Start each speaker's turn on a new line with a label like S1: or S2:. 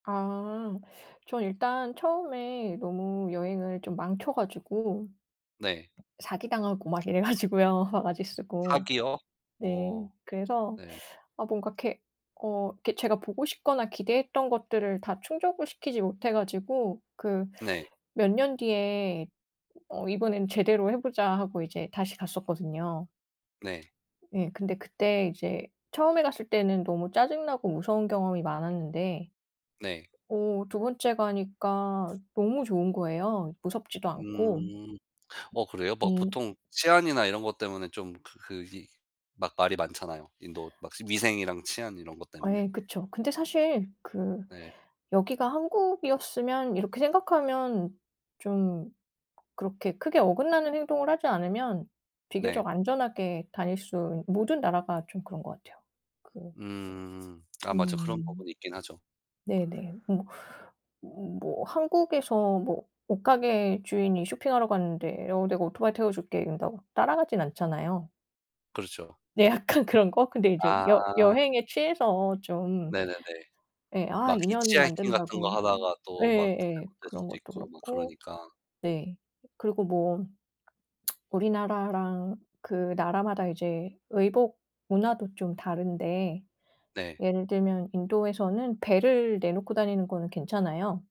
S1: 아. 저는 일단 처음에 너무 여행을 좀 망쳐 가지고.
S2: 네.
S1: 사기당하고 막 이래 가지고요. 바가지 쓰고.
S2: 사기요?
S1: 네.
S2: 오.
S1: 그래서
S2: 네.
S1: 아 뭔가 이렇게 어 이렇게 제가 보고 싶거나 기대했던 것들을 다 충족을 시키지 못해 가지고 그
S2: 네.
S1: 몇 년 뒤에 '어. 이번엔 제대로 해 보자.' 하고 이제 다시 갔었거든요.
S2: 네.
S1: 예. 근데 그때 이제 처음에 갔을 때는 너무 짜증나고 무서운 경험이 많았는데
S2: 네.
S1: 어 2 번째 가니까 너무 좋은 거예요. 무섭지도 않고.
S2: 음. 어, 그래요? 막
S1: 음.
S2: 보통 치안이나 이런 것 때문에 좀 그 그 그 기 막 말이 많잖아요. 인도 막 스 위생이랑 치안 이런 것
S1: 아,
S2: 때문에.
S1: 예. 그쵸. 근데 사실 그
S2: 네.
S1: '여기가 한국이었으면.' 이렇게 생각하면 좀 그렇게 크게 어긋나는 행동을 하지 않으면
S2: 네.
S1: 비교적 안전하게 다닐 수 있 모든 나라가 좀 그런 것 같아요. 그
S2: 음. 아 맞아 그런
S1: 음.
S2: 부분이 있긴 하죠.
S1: 네네. 뭐, 뭐 한국에서 뭐 옷가게 주인이 쇼핑하러 갔는데 어 "내가 오토바이 태워 줄게." 이런다고 따라가진 않잖아요.
S2: 그렇죠.
S1: 네. 약간 그런 거? 근데 이제 여
S2: 아.
S1: 여행에 취해서 좀
S2: 네네네.
S1: 예, 아
S2: 막
S1: 인연
S2: 히치하이킹 같은
S1: 만든다고
S2: 거 하다가
S1: 예
S2: 또 막
S1: 예 예.
S2: 잘못될
S1: 그런
S2: 수도
S1: 것도
S2: 있고 막
S1: 그렇고.
S2: 그러니까.
S1: 네. 그리고 뭐 우리나라랑 그 나라마다 이제 의복 문화도 좀 다른데
S2: 네.
S1: 예를 들면 인도에서는 배를 내놓고 다니는 거는 괜찮아요.